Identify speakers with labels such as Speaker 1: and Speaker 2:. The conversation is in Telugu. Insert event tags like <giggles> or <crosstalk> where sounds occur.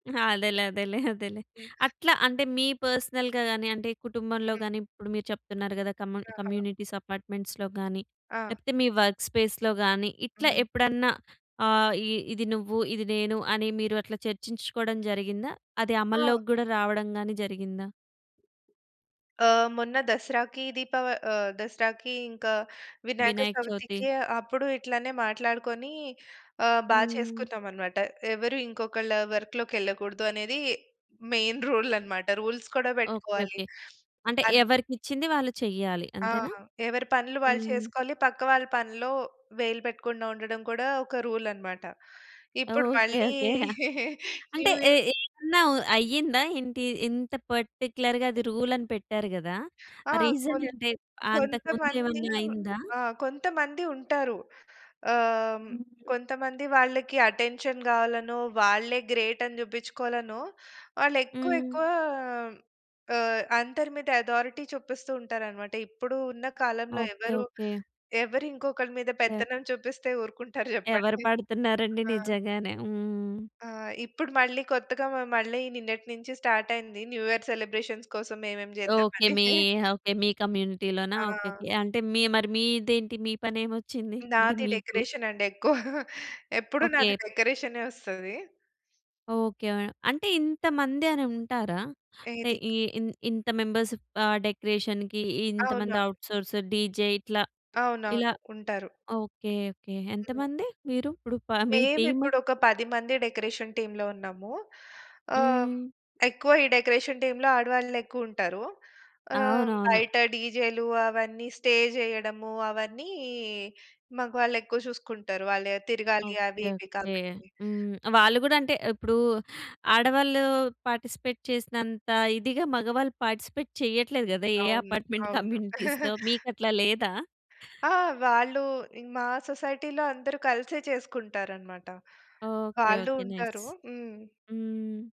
Speaker 1: అదేలే. అదేలే. అదేలే.
Speaker 2: హ్మ్.
Speaker 1: అట్లా అంటే మీ పర్సనల్‌గా గాని, అంటే కుటుంబంలో
Speaker 2: హ్మ్.
Speaker 1: గాని, ఇప్పుడు మీరు చెప్తున్నారు కదా! కమ్
Speaker 2: ఆహా!
Speaker 1: కమ్యూనిటీస్ అపార్ట్‌మెంట్స్‌లొ గాని,
Speaker 2: ఆ!
Speaker 1: లేపోతే మీ వర్క్ స్పేస్‌లొ గాని ఇట్లా
Speaker 2: హ్మ్.
Speaker 1: ఎప్పుడన్నా ఆహ్, ఈ ఇది నువ్వు, ఇది నేను, అని మీరు అట్లా చర్చించుకోవడం జరిగిందా? అది
Speaker 2: ఆ!
Speaker 1: అమల్లోకి గూడా రావడంగాని జరిగిందా?
Speaker 2: ఆ! మొన్న దసరాకి దీపావ ఆహ్, దసరాకి ఇంకా వినాయక
Speaker 1: వినాయక చవితి.
Speaker 2: చవితికి, అప్పుడు ఇట్లానే మాట్లాడుకొని ఆహ్, బా
Speaker 1: హ్మ్.
Speaker 2: చేసుకున్నాం అన్నమాట. ఎవరు ఇంకొకళ్ళ వర్క్‌లోకి యెళ్ళకూడదు అనేది మెయిన్ రూల్ అన్నమాట. రూల్స్ కూడా
Speaker 1: ఓకే.
Speaker 2: పెట్టుకోవాలి.
Speaker 1: ఓకే. అంటే
Speaker 2: అద్
Speaker 1: ఎవరికి ఇచ్చింది వాళ్ళు చెయ్యాలి.
Speaker 2: ఆ!
Speaker 1: అంతేనా?
Speaker 2: ఎవరి పనులు వాళ్ళు
Speaker 1: హ్మ్.
Speaker 2: చేసుకోవాలి. పక్క వాళ్ళ పనులో వేలు పెట్టకుండా ఉండడం కూడా ఒక రూల్ అన్నమాట. ఇప్పుడు
Speaker 1: ఓకే.
Speaker 2: మళ్ళీ
Speaker 1: ఓకే. <giggles> యాహ్!
Speaker 2: <giggles>
Speaker 1: అంటే
Speaker 2: న్యూ
Speaker 1: ఏ
Speaker 2: యియర్
Speaker 1: ఏమన్నా అయ్యిందా ఏంటి? ఇంత పార్టిక్యులర్‌గా అది రూల్ అని పెట్టారు కదా!
Speaker 2: ఆ!
Speaker 1: ఆ రీజన్
Speaker 2: కొంత్
Speaker 1: అంటే, అంతకు ముందు
Speaker 2: కొంతమంది
Speaker 1: ఏమన్నా అయిందా?
Speaker 2: ఆ! కొంతమంది ఉంటారు. ఆహ్, హ్మ్, కొంతమంది వాళ్ళకి అటెన్షన్ గావాలనో, వాళ్ళే గ్రేట్ అని చూపించుకోవాలనో, వాళ్ళు ఎక్కువ
Speaker 1: హ్మ్.
Speaker 2: ఎక్కువ ఆహ్, అందరి మీద అథారిటీ చూపిస్తూ ఉంటారన్నమాట. ఇప్పుడు ఉన్న కాలంలో
Speaker 1: ఓకే.
Speaker 2: ఎవరు,
Speaker 1: ఓకే.
Speaker 2: ఎవరు ఇంకొకరి మీద
Speaker 1: యాహ్!
Speaker 2: పెత్తనం చూపిస్తే ఊరుకుంటారు
Speaker 1: ఎవరు
Speaker 2: చెప్పండి.
Speaker 1: పడుతున్నారండి
Speaker 2: ఆ!
Speaker 1: నిజంగానే. హ్మ్.
Speaker 2: ఆ! ఇప్పుడు మళ్ళీ కొత్తగా మళ్ళీ నిన్నటి నుంచి స్టార్ట్ అయింది. న్యూ యియర్ సెలబ్రేషన్స్ కోసం ఏమేం చేద్దాం
Speaker 1: ఓకే.
Speaker 2: అని.
Speaker 1: మీ
Speaker 2: <chuckles>
Speaker 1: ఓకే. మీ కమ్యూనిటీలోనా?
Speaker 2: ఆ!
Speaker 1: ఓకేకే. అంటే మరి మీదేంటి, మీ పని ఏమొచ్చింది? అంటే
Speaker 2: నాది
Speaker 1: మీకు?
Speaker 2: డెకరేషన్ అండి ఎక్కువ. ఎప్పుడు
Speaker 1: ఓకే.
Speaker 2: నాది డెకరేషనే వస్తది.
Speaker 1: ఓకే. ఆహ్, అంటే ఇంతమంది అని ఉంటారా? అంటే
Speaker 2: ఏది?
Speaker 1: ఇ ఇంత మెంబర్స్ ఆ! డెకరేషన్‌కి ఇంతమంది
Speaker 2: అవునవును.
Speaker 1: ఔట్‌సోర్స్, డీజే ఇట్లా, ఇలా.
Speaker 2: అవునవును. ఉంటారు.
Speaker 1: ఓకే. ఓకే.
Speaker 2: హ్మ్.
Speaker 1: ఎంతమంది మీరు ఇప్పుడు ప మీ
Speaker 2: మేము
Speaker 1: టీమ్?
Speaker 2: ఇప్పుడు, ఒక 10 మంది డెకరేషన్ టీమ్‌లో ఉన్నాము. ఆహ్,
Speaker 1: హ్మ్.
Speaker 2: ఎక్కువ ఈ డెకరేషన్ టీమ్‌లో ఆడవాళ్ళు ఎక్కువ ఉంటారు. ఆహ్,
Speaker 1: అవును. అవును.
Speaker 2: బయట డీజేలు, అవన్నీ స్టే చేయడము, అవన్నీ మాగవాళ్ళు ఎక్కువ చూసుకుంటారు వాళ్ళు ఎ తిరగాలి అవి
Speaker 1: ఓకే.
Speaker 2: ఇవి
Speaker 1: ఓకే.
Speaker 2: కాబట్టి.
Speaker 1: హ్మ్. వాళ్ళు కూడా అంటే ఇప్పుడు ఆడవాళ్ళు పార్టిసిపేట్ చేసినంత ఇదిగా మగవాళ్ళు పార్టిసిపేట్ చెయ్యట్లేదు కదా! ఏ
Speaker 2: అవును,
Speaker 1: అపార్ట్‌మెంట్
Speaker 2: అవును.
Speaker 1: కమ్యూనిటీస్‌లో
Speaker 2: <chuckles>
Speaker 1: మీకు అట్లా లేదా?
Speaker 2: ఆ! వాళ్ళు మా సొసైటీ‌లో అందరూ కలిసే చేసుకుంటారు అన్నమాట.
Speaker 1: ఓకే.
Speaker 2: వాళ్ళు
Speaker 1: ఓకే. నైస్.
Speaker 2: ఉంటారు. హ్మ్.
Speaker 1: హ్మ్.